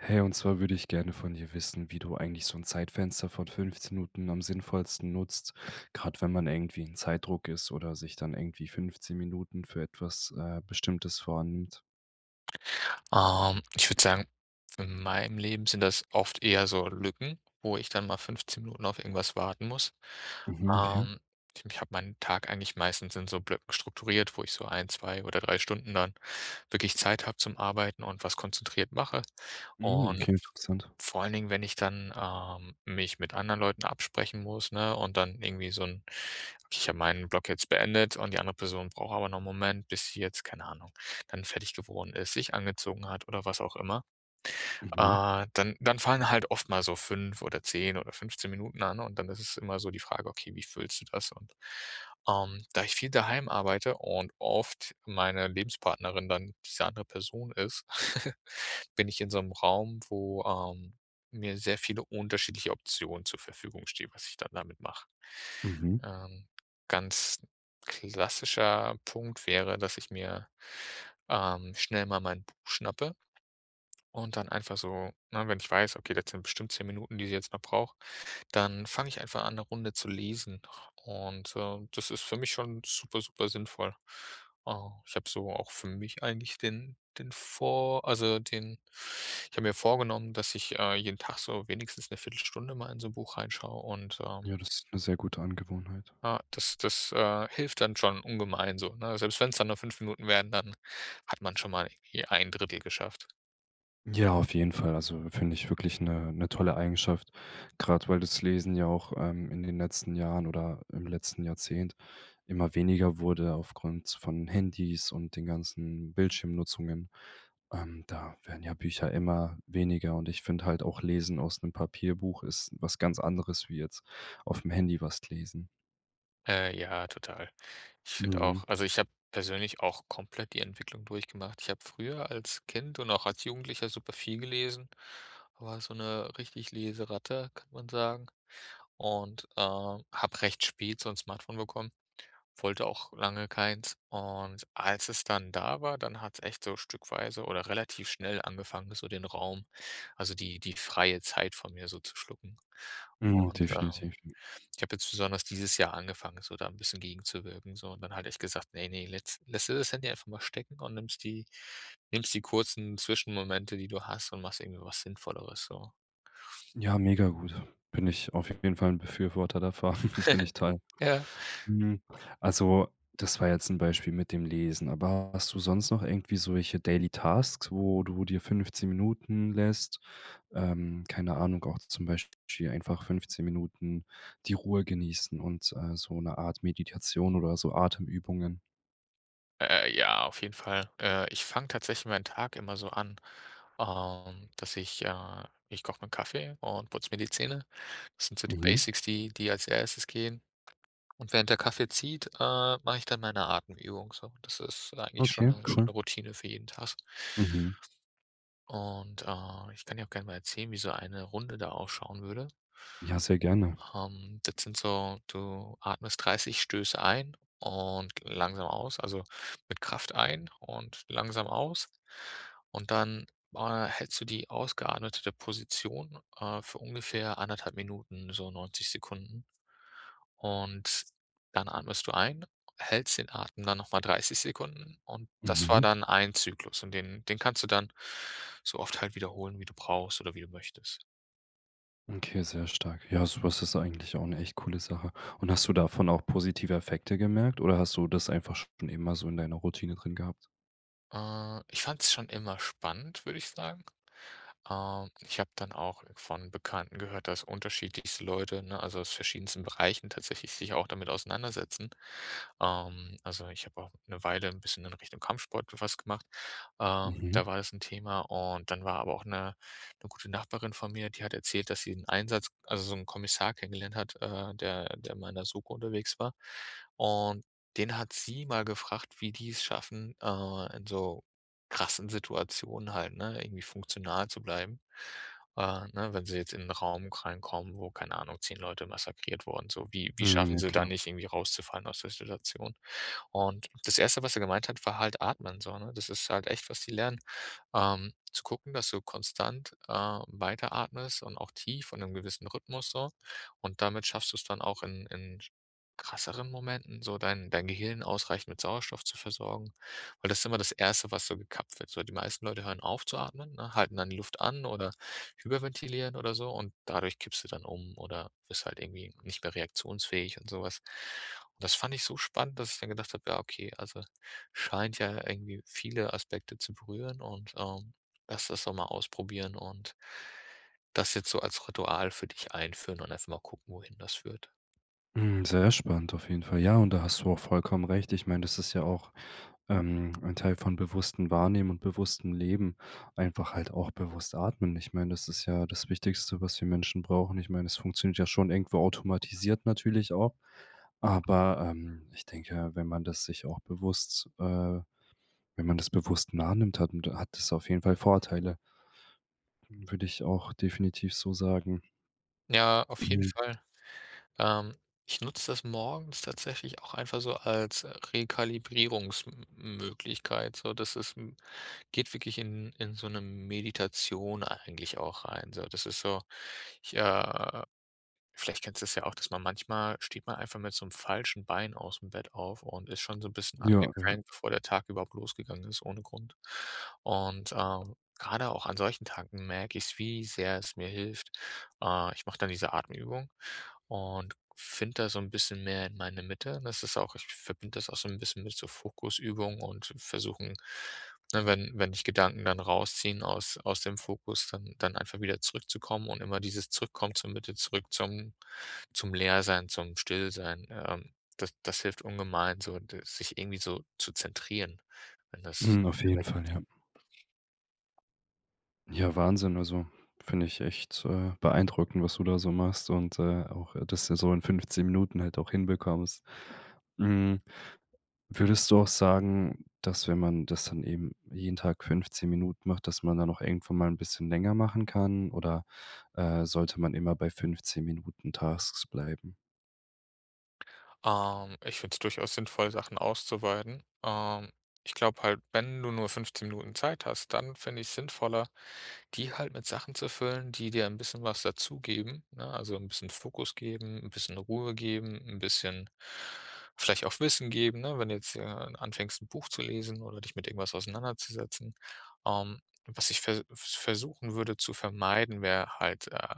Hey, und zwar würde ich gerne von dir wissen, wie du eigentlich so 'n Zeitfenster von 15 Minuten am sinnvollsten nutzt, grad wenn man irgendwie in Zeitdruck ist oder sich dann irgendwie 15 Minuten für etwas, äh, Bestimmtes vornimmt. Ähm, ich würde sagen, in meinem Leben sind das oft eher so Lücken, wo ich dann mal 15 Minuten auf irgendwas warten muss. Mhm, okay. Ähm, ich ich habe meinen Tag eigentlich meistens in so Blöcken strukturiert, wo ich so 1, 2 oder 3 Stunden dann wirklich Zeit habe zum Arbeiten und was konzentriert mache. Mhm, Und klingt interessant. vor allen Dingen, wenn ich dann, ähm, mich mit anderen Leuten absprechen muss, ne, und dann irgendwie so 'n ich habe meinen Block jetzt beendet und die andere Person braucht aber noch 'n Moment, bis sie jetzt, keine Ahnung, dann fertig geworden ist, sich angezogen hat oder was auch immer. Mhm. Äh, dann dann fallen halt oft mal so 5 oder 10 oder 15 Minuten an. Und dann ist es immer so die Frage: „Okay, wie füllst du das?“ Und, ähm, da ich viel daheim arbeite und oft meine Lebenspartnerin dann diese andere Person ist, bin ich in so 'nem Raum, wo, ähm, mir sehr viele unterschiedliche Optionen zur Verfügung stehen, was ich dann damit mache. Mhm. Ähm, ganz klassischer Punkt wäre, dass ich mir, ähm, schnell mal mein Buch schnappe und dann einfach so ne, wenn ich weiß, okay, das sind bestimmt 10 Minuten, die sie jetzt noch braucht, dann fange ich einfach an, 'ne Runde zu lesen. Und, ähm, das ist für mich schon super, supersinnvoll. Äh, ich habe so auch für mich eigentlich den den vor also den ich habe mir vorgenommen, dass ich, äh, jeden Tag so wenigstens 'ne 1/4 Stunde mal in so 'n Buch reinschaue und ähm Ja, das ist 'ne sehr gute Angewohnheit. ja, das das, äh, hilft dann schon ungemein so, ne? Selbst wenn's dann nur 5 Minuten werden, dann hat man schon mal ir 1/3 geschafft. Ja, auf jeden Fall. Also, finde ich wirklich 'ne 'ne tolle Eigenschaft, grad weil das Lesen ja auch, ähm, in den letzten Jahren oder im letzten Jahrzehnt immer weniger wurde aufgrund von Handys und den ganzen Bildschirmnutzungen. Ähm, da werden ja Bücher immer weniger. Und ich finde halt auch, lesen aus 'nem Papierbuch ist was ganz anderes wie jetzt aufm Handy was d lesen. Äh, ja, total. Ich finde auch Mhm. also, ich habe persönlich auch komplett die Entwicklung durchgemacht. Ich habe früher als Kind und auch als Jugendlicher super viel gelesen, war so 'ne richtig Leseratte, kann man sagen. Und, äh, habe recht spät so 'n Smartphone bekommen, wollte auch lange keins. Und als es dann da war, dann hat's echt so stückweise oder relativ schnell angefangen, so den Raum, also, die die freie Zeit von mir so zu schlucken. Mhm, Und, definitiv. ähm, ich habe jetzt besonders dieses Jahr angefangen, so da 'n bisschen gegenzuwirken, so. Und dann halt echt gesagt: „Ne, ne, lätts lässt du das Handy einfach mal stecken und nimmst die nimmst die kurzen Zwischenmomente, die du hast und machst irgendwie was Sinnvolleres, so. Ja, mega gut. Bin ich auf jeden Fall 'n Befürworter davon finde ich toll. Ja. Hm, also, das war jetzt 'n Beispiel mit dem Lesen. Aber hast du sonst noch irgendwie solche daily tasks, wo du dir 15 Minuten lässt ähm, keine Ahnung, auch zum Beispiel einfach 15 Minuten die Ruhe genießen und, äh, so 'ne Art Meditation oder so Atemübungen? Äh, ja, auf jeden Fall. Äh, ich fange tatsächlich meinen Tag immer so an, ähm, dass ich, äh ich koche mir 'n Kaffee und putze mir die Zähne. Das sind so die Mhm. Basics, die die als Erstes gehen. Und während der Kaffee zieht, äh, mache ich dann meine Atemübung so. Das ist eigentlich schon Okay, 'ne schon cool. 'ne Routine für jeden Tag. Mhm. Und, äh, ich kann dir auch gerne mal erzählen, wie so eine Runde da ausschauen würde. Ja, sehr gerne. Ähm, das sind so du atmest 30 Stöße ein und langsam aus also, mit Kraft ein und langsam aus. Und dann boah dann hältst du die ausgeatmetete Position, äh, für ungefähr 1:30 so 90 Sekunden. Und dann atmest du ein, hältst den Atem dann noch mal 30 Sekunden. Und das war Mhm. dann ein Zyklus. Und den den kannst du dann so oft halt wiederholen, wie du brauchst oder wie du möchtest. Okay, sehr stark. Ja, sowas ist eigentlich auch 'ne echt coole Sache. Und hast du davon auch positive Effekte gemerkt oder hast du das einfach schon immer so in deiner Routine drin gehabt? Äh, ich fand's schon immer spannend, würde ich sagen. Ähm, ich habe dann auch von Bekannten gehört, dass unterschiedlichste Leute, ne, also aus verschiedensten Bereichen tatsächlich sich auch damit auseinandersetzen. Ähm, also, ich habe auch 'ne Weile 'n bisschen in Richtung Kampfsport w was gemacht. Ähm, da Mhm. war es 'n Thema. Und dann war aber auch 'ne 'ne gute Nachbarin von mir, die hat erzählt, dass sie 'n Einsatz also, so 'n Kommissar kennengelernt hat, äh, der der mal in 'ner SOKO unterwegs war. Und den hat sie mal gefragt, wie die's schaffen, äh, in so krassen Situationen halt, ne, irgendwie funktional zu bleiben, äh, ne, wenn sie jetzt in 'n Raum reinkommen, wo, keine Ahnung, 10 Leute massakriert wurden so, wie wie Mhm schaffen ja sie da klar. nicht irgendwie, rauszufallen aus der Situation? Und das 1. was er gemeint hat, war halt atmen so, ne? Das ist halt echt, was die lernen, ähm, zu gucken, dass du konstant, ähm, weiteratmest und auch tief in 'nem gewissen Rhythmus so. Und damit schaffst du's dann auch in in sch krasseren Momenten so dein dein Gehirn ausreichend mit Sauerstoff zu versorgen, weil das ist immer das 1. was so gekappt wird. So die meisten Leute hören auf zu atmen, ne, halten dann die Luft an oder hyperventilieren oder so. Und dadurch kippst du dann um oder bist halt irgendwie nicht mehr reaktionsfähig und so was. Und das fand ich so spannend, dass ich dann gedacht habe: „Ja okay, also, scheint ja irgendwie viele Aspekte zu berühren und, ähm, lass das doch mal ausprobieren und“ „das jetzt so als Ritual für dich einführen und erst mal gucken, wohin das führt.“ Hm, sehr spannend auf jeden Fall, ja. Und da hast du auch vollkommen recht. Ich meine, das ist ja auch, ähm, ein Teil von bewusstem Wahrnehmen und bewusstem Leben, einfach halt auch bewusst atmen. Ich meine, das ist ja das Wichtigste, was wir Menschen brauchen. Ich meine, es funktioniert ja schon irgendwo automatisiert natürlich auch, aber, ähm, ich denke, wenn man das sich auch bewusst, äh, wenn man das bewusst nah nimmt, hat 'n hat das auf jeden Fall Vorteile w würde ich auch definitiv so sagen. Ja, auf jeden Hm. Fall, ähm, ich nutze das morgens tatsächlich auch einfach so als Rekalibrierungsm Möglichkeit, so. Das ist m geht wirklich in in so 'ne Meditation eigentlich auch rein, so. Das ist so, ich, äh vielleicht kennst du das ja auch, dass man manchmal steht man einfach mit so 'nem falschen Bein ausm Bett auf und ist schon so 'n bisschen Ja, ja. angekrängt, bevor der Tag überhaupt losgegangen ist ohne Grund. Und, äh, grade auch an solchen Tagen merke ich es, wie sehr es mir hilft. Äh, ich mache dann diese Atemübung und finde da so 'n bisschen mehr in meine Mitte. Das ist auch ich verbinde das auch so 'n bisschen mit so Fokusübung und versuchen ne, wenn wenn dich Gedanken dann rausziehen aus aus dem Fokus, dann dann einfach wieder zurückzukommen und immer dieses zurückkommen, zur Mitte zurück, zum zum Leersein, zum Stillsein. Ähm, das das hilft ungemein so, d sich irgendwie so zu zentrieren, wenn das Mhm, auf jeden Fall, ja. [unintelligible] Ja, Wahnsinn, also finde ich echt, äh, beeindruckend, was du da so machst und, äh, auch, äh, dass du das so in 15 Minuten halt auch hinbekommst. Hm, würdest du auch sagen, dass wenn man das dann eben jeden Tag 15 Minuten macht, dass man dann auch irgendwann mal 'n bisschen länger machen kann oder, äh, sollte man immer bei 15 Minuten Tasks bleiben? Ähm, ich finde es durchaus sinnvoll, Sachen auszuweiten. Ähm, ich glaube halt, wenn du nur 15 Minuten Zeit hast, dann finde ich es sinnvoller, die halt mit Sachen zu füllen, die dir 'n bisschen was dazugeben, ne? Also 'n bisschen Fokus geben, 'n bisschen Ruhe geben, 'n bisschen, vielleicht auch Wissen geben, ne, wenn du jetzt hier, äh, anfängst 'n Buch zu lesen oder dich mit irgendwas auseinanderzusetzen. Ähm, was ich ver versuchen würde zu vermeiden, wäre halt, äh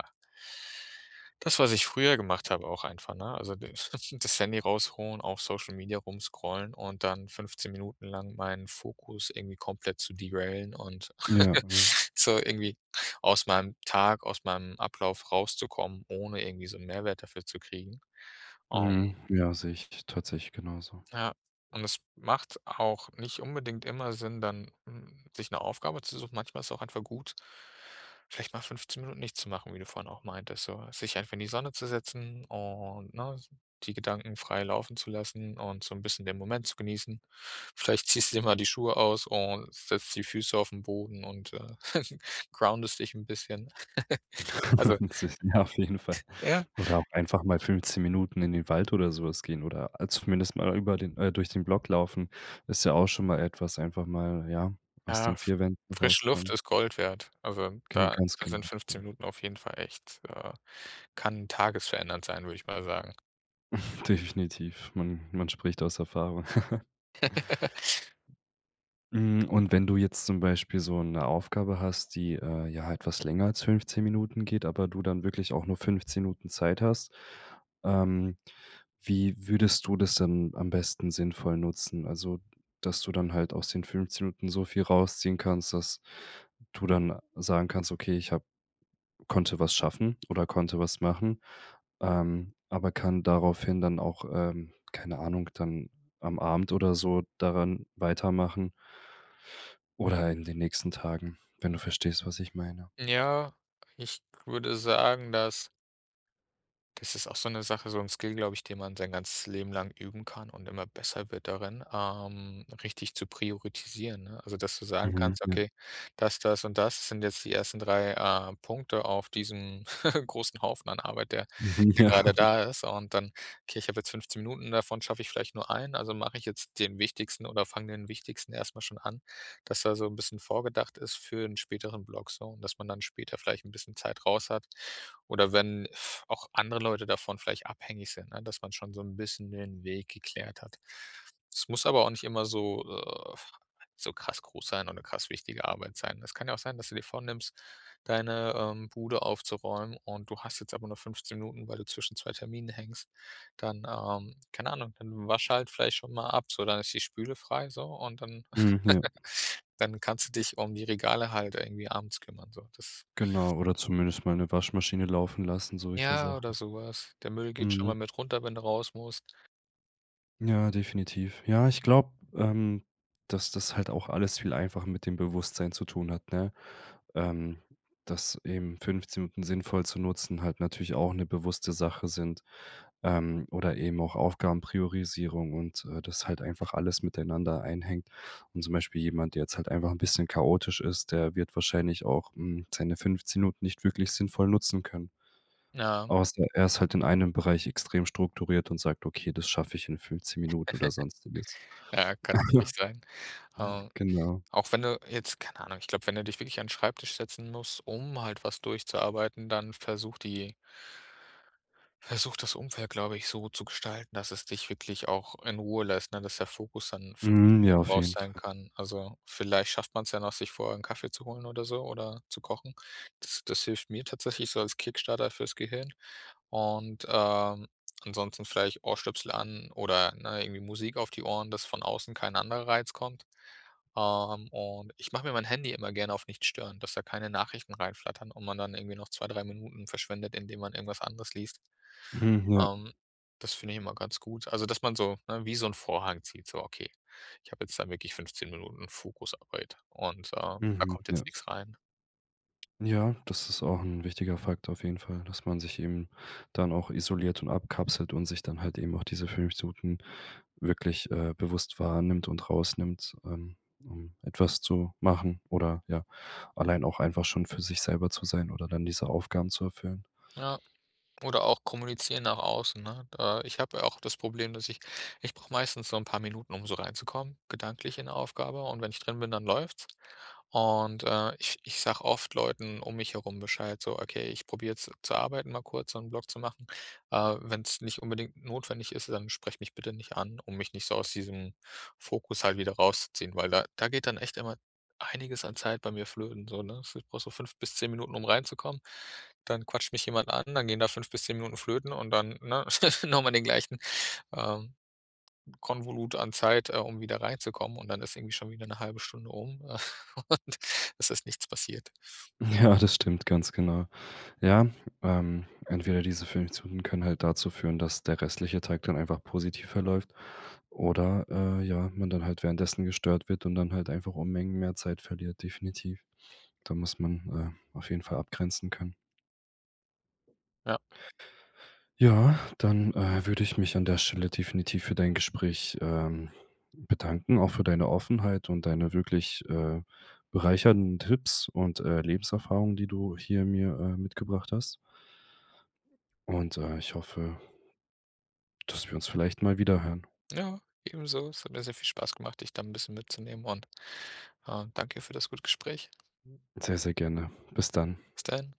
das, was ich früher gemacht habe auch einfach, ne? Also [unintelligible] das Handy rausholen, auf Social Media rumscrollen und dann 15 Minuten lang meinen Fokus irgendwie komplett zu derailen und Ja, ja. so irgendwie aus meinem Tag, aus meinem Ablauf rauszukommen, ohne irgendwie so 'n Mehrwert dafür zu kriegen. Ähm. Mhm. Ja, sehe ich t t tatsächlich genauso. Ja. Und es macht auch nicht unbedingt immer Sinn, dann, hm, sich 'ne Aufgabe zu suchen. Manchmal ist es auch einfach gut, vielleicht mal 15 Minuten nichts zu machen, wie du vorhin auch meintest, so. Sich einfach in die Sonne zu setzen und ne, die Gedanken frei laufen zu lassen und so 'n bisschen den Moment zu genießen. Vielleicht ziehst du dir mal die Schuhe aus und setzt die Füße auf 'n Boden und, äh, groundest dich 'n bisschen. Also [unintelligible] Ja, auf jeden Fall. Ja. Oder auch einfach mal 15 Minuten in den Wald oder so was gehen oder a zumindest mal über den äh, durch den Block laufen, ist ja auch schon mal etwas einfach mal, ja, aus Ja, den fr 4 Wänden frische Luft rauskommen. ist Gold wert. Also, Gen da ganz da genau. sind Ja. 15 Minuten auf jeden Fall echt ja, kann tagesverändernd sein, würde ich mal sagen. Definitiv, man man spricht aus Erfahrung. Hm, und wenn du jetzt zum Beispiel so 'ne Aufgabe hast, die, äh, ja etwas länger als 15 Minuten geht, aber du dann wirklich auch nur 15 Minuten Zeit hast, ähm, wie würdest du das dann am besten sinnvoll nutzen? Also, dass du dann halt aus den 15 Minuten so viel rausziehen kannst, dass du dann sagen kannst, okay, ich habe konnte was schaffen oder konnte was machen. Ähm, aber kann daraufhin dann auch, ähm, keine Ahnung, dann am Abend oder so daran weitermachen oder in den nächsten Tagen, wenn du verstehst, was ich meine. Ja, ich würde sagen: „Das das ist auch so 'ne Sache, so 'n Skill, glaube ich, den man sein ganzes Leben lang üben kann und immer besser wird darin, ähm, richtig zu priorisieren“, ne? Also dass du sagen Mhm. kannst, Ja. „okay, das, das und das sind jetzt die ersten 3, äh, Punkte auf diesem großen Haufen an Arbeit, der Mhm. der Ja. grade da ist“. Und dann, „okay, ich habe jetzt 15 Minuten, davon schaffe ich vielleicht nur eine. Also mache ich jetzt den wichtigsten oder fange den wichtigsten erst mal schon an“, dass da so 'n bisschen vorgedacht ist für 'n späteren Block so und dass man dann später vielleicht 'n bisschen Zeit raus hat. Oder wenn f auch andere Leute davon vielleicht abhängig sind, ne, dass man schon so 'n bisschen den Weg geklärt hat. Das muss aber auch nicht immer so, äh, f so krass groß sein und 'ne krass wichtige Arbeit sein. Es kann ja auch sein, dass du dir vornimmst, deine, ähm, Bude aufzuräumen, und du hast jetzt aber nur 15 Minuten, weil du zwischen 2 Terminen hängst, dann, ähm, keine Ahnung, dann wasch halt vielleicht schon mal ab, so, dann ist die Spüle frei so. Und dann Hm. Ja. dann kannst du dich um die Regale halt irgendwie abends kümmern, so das. Genau oder zumindest mal 'ne Waschmaschine laufen lassen, solche Ja, oder Sachen. so was. Der Müll geht schon Mhm. mal mit runter, wenn du raus musst. Ja, definitiv. Ja, ich glaube, ähm, dass das halt auch alles viel einfach mit dem Bewusstsein zu tun hat, ne? Ähm, dass eben 15 Minuten sinnvoll zu nutzen halt natürlich auch 'ne bewusste Sache sind, ähm, oder eben auch Aufgabenpriorisierung und, äh, dass halt einfach alles miteinander einhängt. Und zum Beispiel jemand, der jetzt halt einfach 'n bisschen chaotisch ist, der wird wahrscheinlich auch, hm, seine 15 Minuten nicht wirklich sinnvoll nutzen können. Ja. Außer er ist halt in einem Bereich extrem strukturiert und sagt: „Okay, das schaffe ich in 15 Minuten“ oder sonstiges. Ja, kann wirklich sein. Ähm, Genau. auch wenn du jetzt keine Ahnung, ich glaube wenn du dich wirklich an 'n Schreibtisch setzen musst, um halt was durchzuarbeiten, dann versuch die versuch das Umfeld glaube ich so zu gestalten, dass es dich wirklich auch in Ruhe lässt, ne, dass der Fokus dann 15 Mhm, ja, Minuten auf drauf jeden sein Fall. kann. Also, vielleicht schafft man's ja noch, sich vorher 'n Kaffee zu holen oder so oder zu kochen. Das das hilft mir tatsächlich so als Kickstarter fürs Gehirn. Und, ähm, ansonsten vielleicht Ohrstöpsel an oder, ne, irgendwie Musik auf die Ohren, dass von außen kein anderer Reiz kommt. Ähm, und ich mache mir mein Handy immer gerne auf nicht stören, dass da keine Nachrichten reinflattern und man dann irgendwie noch 2, 3 Minuten verschwendet, indem man irgendwas anderes liest. Mhm. Ja. Ähm, das finde ich immer ganz gut. Also, dass man so ne, wie so 'n Vorhang zieht, so, okay, ich habe jetzt da wirklich 15 Minuten Fokusarbeit und, äh, da Mhm. kommt jetzt Ja. nix rein. Ja, das ist auch 'n wichtiger Faktor auf jeden Fall, dass man sich eben dann auch isoliert und abkapselt und sich dann halt eben auch diese 15 Minuten wirklich äh, bewusst wahrnimmt und rausnimmt, ähm, ähm, etwas zu machen oder, ja, allein auch einfach schon für sich selber zu sein oder dann diese Aufgaben zu erfüllen. Ja. Oder auch kommunizieren nach außen, ne? Da ich habe ja auch das Problem, dass ich ich brauche meistens so 'n paar Minuten, um so reinzukommen gedanklich in 'ne Aufgabe und wenn ich drin bin, dann läuft's. Und, äh, ich ich sage oft Leuten um mich herum Bescheid, so: „Okay, ich probiere jetzt zu arbeiten, mal kurz so 'n Block zu machen. Äh, wenn's nicht unbedingt notwendig ist, dann sprecht mich bitte nicht an, um mich nicht so aus diesem Fokus halt wieder rausziehen“, weil da da geht dann echt immer einiges an Zeit bei mir flöten so, ne? So ich brauche so 5 bis 10 Minuten um reinzukommen. Dann quatscht mich jemand an, dann gehen da 5 bis 10 Minuten flöten und dann, ne, noch mal den gleichen, ähm, Konvolut an Zeit, äh, um wieder reinzukommen. Und dann ist irgendwie schon wieder Stunde um und es ist nichts passiert. Ja das stimmt ganz genau. Ja, ähm entweder diese 15 Minuten können halt dazu führen, dass der restliche Tag dann einfach positiv verläuft oder, äh, ja, man dann halt währenddessen gestört wird und dann halt einfach Unmengen mehr Zeit verliert definitiv. Da muss man, äh, auf jeden Fall abgrenzen können. Ja. Ja dann, äh, würde ich mich an der Stelle definitiv für dein Gespräch, ähm, bedanken, auch für deine Offenheit und deine wirklich, äh, bereichernden Tipps und, äh, Lebenserfahrung, die du hier mir, äh, mitgebracht hast. Und, äh, ich hoffe dass wir uns vielleicht mal wieder hören. Ja, ebenso. Es hat mir sehr viel Spaß gemacht, dich da 'n bisschen mitzunehmen und, ähm, danke für das gute Gespräch. Sehr, sehr gerne. Bis dann. Bis dann.